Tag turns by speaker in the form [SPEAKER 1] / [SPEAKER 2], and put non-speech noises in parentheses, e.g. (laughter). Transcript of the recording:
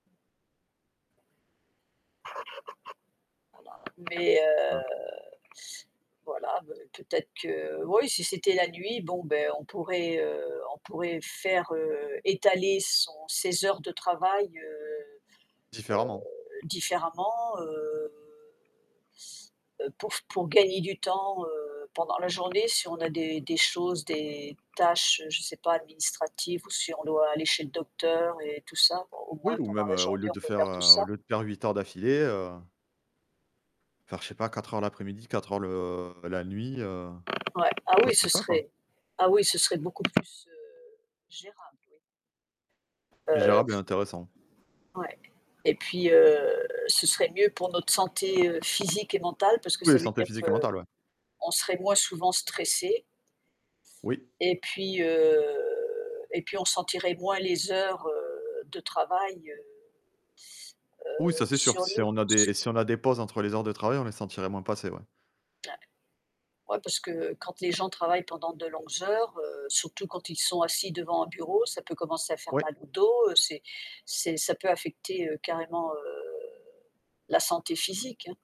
[SPEAKER 1] Voilà, mais
[SPEAKER 2] (unintelligible)
[SPEAKER 1] heu, voilà, ben, peut-être que ou, si c'était la nuit, bon, beh, on pourrait heu, on pourrait faire, heu, étaler son ses heures de travail, heu,
[SPEAKER 2] Différemment.
[SPEAKER 1] heu, différemment, heu, heu, pour f pour gagner du temps, heu, pendant la journée si on a des des choses, des tâches, je sais pas, administratives ou si on doit aller chez le docteur et tout ça, au au
[SPEAKER 2] Oui,
[SPEAKER 1] moins
[SPEAKER 2] ou
[SPEAKER 1] pendant
[SPEAKER 2] même,
[SPEAKER 1] la
[SPEAKER 2] heu, au
[SPEAKER 1] journée,
[SPEAKER 2] lieu
[SPEAKER 1] on
[SPEAKER 2] de
[SPEAKER 1] peut
[SPEAKER 2] faire,
[SPEAKER 1] faire tout
[SPEAKER 2] heu,
[SPEAKER 1] ça.
[SPEAKER 2] au lieu de faire 8 heures d'affilée heu faire, je sais pas, 4 heures l'après-midi, 4 heures le la nuit, heu,
[SPEAKER 1] Ouais, ah oui,
[SPEAKER 2] chose comme
[SPEAKER 1] ce
[SPEAKER 2] ça, quoi.
[SPEAKER 1] serait ah oui ce serait beaucoup plus, heu, gérable, oui. Heu,
[SPEAKER 2] Gérable et
[SPEAKER 1] c
[SPEAKER 2] intéressant.
[SPEAKER 1] ouais et puis, heu, ce serait mieux pour notre santé, heu, physique et mentale parce que
[SPEAKER 2] Oui,
[SPEAKER 1] ça veut
[SPEAKER 2] santé
[SPEAKER 1] dire
[SPEAKER 2] physique et mentale, ouais.
[SPEAKER 1] qu'on serait moins souvent stressé
[SPEAKER 2] Oui.
[SPEAKER 1] et puis, heu, et puis on sentirait moins les heures, heu, de travail, heu
[SPEAKER 2] Oui,
[SPEAKER 1] heu,
[SPEAKER 2] ça c'est sûr,
[SPEAKER 1] sur
[SPEAKER 2] si
[SPEAKER 1] nous
[SPEAKER 2] on a
[SPEAKER 1] s
[SPEAKER 2] des si on a des pauses entre les heures de travail, on les sentirait moins passer, ouais.
[SPEAKER 1] (unintelligible) Ouais parce que quand les gens travaillent pendant de longues heures, heu, surtout quand ils sont assis devant un bureau, ça peut commencer à faire
[SPEAKER 2] Oui.
[SPEAKER 1] mal au dos, c'est c'est ça peut affecter, heu, carrément, heu, la santé physique, hein.